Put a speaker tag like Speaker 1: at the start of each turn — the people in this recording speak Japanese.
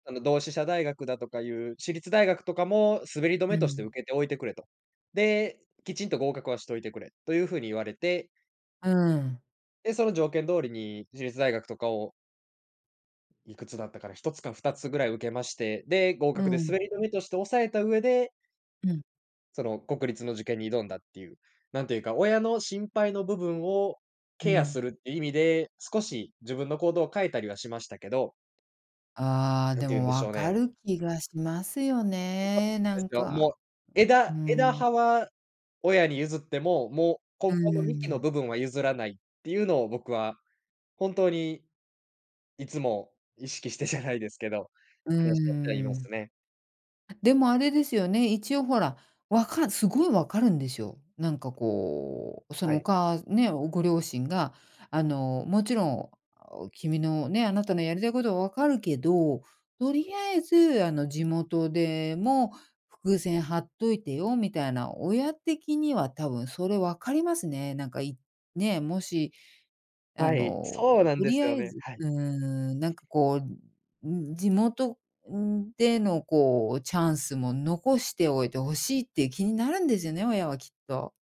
Speaker 1: あの同志社大学だとかいう、私立大学とかも、滑り止
Speaker 2: う
Speaker 1: めとして
Speaker 2: ん。
Speaker 1: 受けておいてくれと。で、きちんと合格はしといてくれ、という風に言われて。
Speaker 2: うーん。
Speaker 1: で、その条件通りに、私立大学とかをいくつだったかな、1つか2つぐらい受けまして、で、合
Speaker 2: う
Speaker 1: 格で
Speaker 2: ん。
Speaker 1: 滑り止めとして押さえた上で
Speaker 2: うん。
Speaker 1: その国立の受験に挑んだっていう。何ていうか、親の心配の部分を
Speaker 2: う
Speaker 1: ケアす
Speaker 2: ん。
Speaker 1: るって意味で、少し自分の行動を変えたりはしましたけど。
Speaker 2: ああ、
Speaker 1: 何
Speaker 2: で
Speaker 1: て言うん
Speaker 2: も
Speaker 1: でしょ
Speaker 2: 分
Speaker 1: う
Speaker 2: か
Speaker 1: ね。
Speaker 2: る気がしますよ
Speaker 1: そう
Speaker 2: ね、な
Speaker 1: なんです
Speaker 2: ん
Speaker 1: よ、
Speaker 2: か。
Speaker 1: もう、
Speaker 2: う
Speaker 1: 枝枝
Speaker 2: ん。
Speaker 1: 葉は、親に譲っても、もう
Speaker 2: うー
Speaker 1: 根本の幹の
Speaker 2: ん。
Speaker 1: 部分は譲らないっていうのを僕は本当に、いつも意識してじゃないですけど、
Speaker 2: うー
Speaker 1: 話し合ってはいま
Speaker 2: ん。
Speaker 1: すね。
Speaker 2: でもあれですよね、一応ほら、わかるすごい分かるんですよ。なんかこう、そ
Speaker 1: は
Speaker 2: の、お
Speaker 1: い。
Speaker 2: かあね、おご両親が、あの、もちろん、君のね、あなたのやりたいことは分かるけど、と
Speaker 1: は
Speaker 2: り
Speaker 1: い。
Speaker 2: あえず、あの、地元でも伏線張っといてよみたいな、親的には多分それ分かりますね。なんか、いね、もし、あ
Speaker 1: は
Speaker 2: の、
Speaker 1: い、そうなん
Speaker 2: と
Speaker 1: で
Speaker 2: り
Speaker 1: す
Speaker 2: あ
Speaker 1: よ
Speaker 2: え
Speaker 1: ね。
Speaker 2: ず、
Speaker 1: はい。
Speaker 2: うーん、なんかこう、うん、地元でのこう、チャンスも残しておいて欲しいっていう気になるんですよね、親はきっと。